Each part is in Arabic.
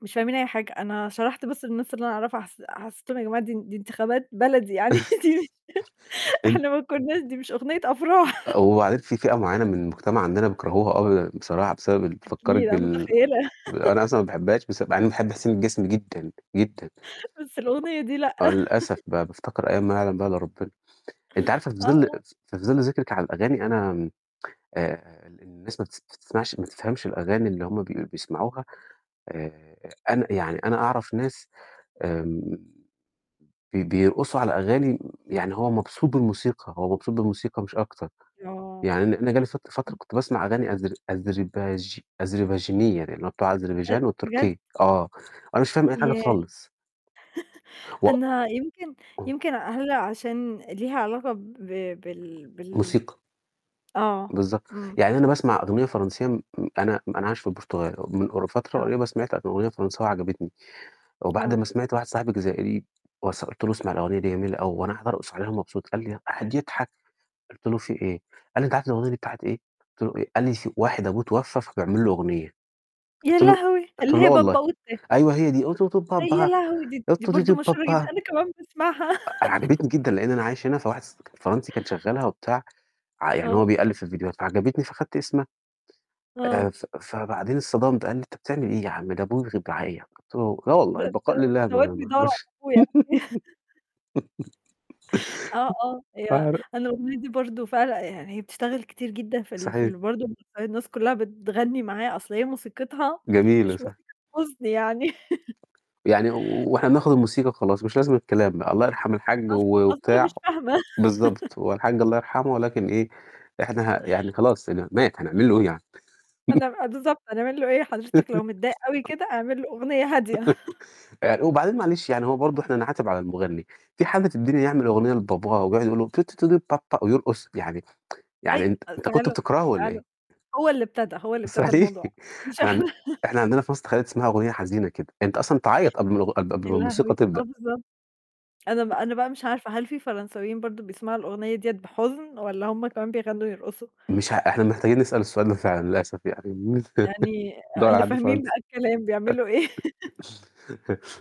مش فاهمين أي حاجة، أنا شرحت بس للناس اللي أنا أعرفها، حس حسّيتهم يا جماعة دي دي انتخابات بلدي يعني دي مش إن إحنا ما كنّاش دي مش أُغنيّة أفراح. آآ، وبعدين في فئة معيّنة من المجتمَع عندنا بيكرهوها أوي يعني بصراحة بسبب ال أكيد، بتفكّرِك أنا متخيّلة. بال ب أنا أصلًا ما باحبّهاش، بس مع إني باحب حسين الجسمي جدًا، جدًا. بس الأُغنيّة دي لأ. آه للأسف بقى، بافتكر أيام ما يعلم بيها إلّا ربنا، أنتِ عارفة في آه، ظل آه. في ظل ذِكرِك على الأغاني أنا آمم آآ، ال الناس ما بتس تسمعش ما بتفهمش الأغاني اللي هُم بيق بيسمعوها آآ، أنا يعني أنا أعرف ناس آمم، بي بيرقصوا على أغاني امم، يعني هو مبسوط بالموسيقى، هو مبسوط بالموسيقى مش أكتر. آه. يعني أنا أنا جَه لي فت فترة كنت باسمع أغاني أذر أذرباج أذرباجينية، اللي هو بتاع أ أذربيجان بجد؟ وتركيا، آه، وأنا مش فاهم أي حاجة ياه! خالص. أنا يمكن [unintelligible] يمكن هل عشان ليها علاقة ب بال بال موسيقى. آه، بالضبط، امم. يعني أنا باسمع أُغنيّة فرنسية امم أنا أنا عايش في البرتغال من قر فترة آه. قريّبة سمعت أُغنيّة فرنساوي عجبتني، وبعد آه. ما سمعت واحد صاحب جزائري وس قُلت له اسمع الأغنية دي جميلة أوي، وأنا قاعد أرقص عليها ومبسوط قال لي قعد يضحك، قُلت له: "في إيه؟" قال لي: "أنت عارف الأُغنيّة دي بتاعة إيه؟" قُلت له: "إيه؟" قال لي: س "في واحد أبوه اتوفّى، فبيعمل له أُغنيّة." يا قُلت له لهوي! قُلت اللي له: "لا هي والله؟" Papaoutai أيوه هي دي. آآ، يا لهوي! دي دي برضه مشهورة جدًا، أنا كمان باسمعها. أ أنا عجبتني جدًا لأن أنا عايش هنا فواحد ص فرنسي كان شغّلها وبتاع ع يعني هو آه. بيقلّب في الفيديوهات، فعجبتني فخدّت اسمها، آآ، آه. ف فبعدين اتصدمت، قال لي: "أنت بتعمل إيه يا عم ده" [unintelligible] قُلت له: "لا والله؟ ده ده البقاء لله ده ما واد ما بيدوّر على أعرفش." أبوه يعني آه آه ف هي أنا الأُغنيّة دي برضه فعل يعني هي بتشتغل كتير جدًا في ال في صحيح. ال برضه [unintelligible] الناس كلّها بتغني معاها، أصل هي موسيقتها جميلة، مش صح. موسيقى حزن يعني. يعني و وإحنا بناخد الموسيقى وخلاص، مش لازم الكلام بقى. الله يرحم الحاج أص و أصل أنا مش وبتاع فاهمة. بالضبط، هو الحاج الله يرحمه ولكن إيه، إحنا يعني خلاص مات هنعمل له إيه يعني؟ أنا آآ، بالضبط هنعمل له إيه؟ حضرتك لو متضايق أوي كده اعمل له أُغنيّة هادية. آآ، وبعدين معلش يعني هو برضه إحنا نعاتب على المُغنّي، في حد في الدنيا يعمل أُغنيّة لباباه ويقعد يقول له ويرقص؟ يعني يعني أي أنت آآ، أنت كنت فعلًا، بتكرهه والَّا فعلًا إيه؟ هو اللي ابتدى هو اللي ابتدى صحيح الموضوع. مش إحنا عند إحنا. إحنا عندنا في مصر تخيّلي تسمعي أُغنيّة حزينة كده؟ أنت أصلًا تعيّط قبل ما الأغ قبل يا ما الموسيقى لهوي! آه تبدأ. بالضبط. أنا ب أنا بقى مش عارفة هل في فرنساويين برضه بيسمعوا الأُغنيّة ديَّة بحُزن، والَّا هُم كمان بيغنّوا ويرقصوا؟ مش ه إحنا محتاجين نسأل السؤال ده فعلًا للأسف يعني. يعني آآ، ندوّر على اللي حد فاهمين بقى فرنسي. الكلام بيعملوا إيه؟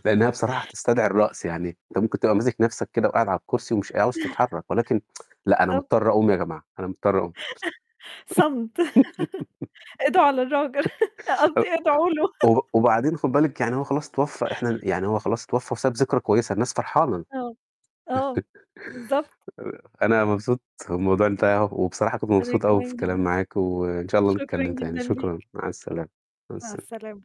لأن هي بصراحة تستدعي الرقص، يعني أنت ممكن تبقى ماسِك نَفْسك كده وقاعد على الكرسي، ومش ق عاوز تتحرّك، ولكن لأ أنا بالضبط. مضطر أقوم يا جماعة، أنا مضطر أقوم. صمت، ادعوا للراجل. أ قصدي ادعوا له. و وبعدين خُد بالِك يعني هو خلاص اتوفّى، إحنا ن يعني هو خلاص اتوفّى وساب ذكرى كويّسة، الناس فرحانة آه، آه، بالضبط. آآ، أنا مبسوط، والموضوع انتهى، وبصراحة كنت وأنا مبسوط أوي في كمان جدًا، الكلام معاكِ، وإن شاء الله شكرًا نتكلّم تاني. جدًا شكرًا، ليك. مع السلامة مع مع السلامة. السلامة.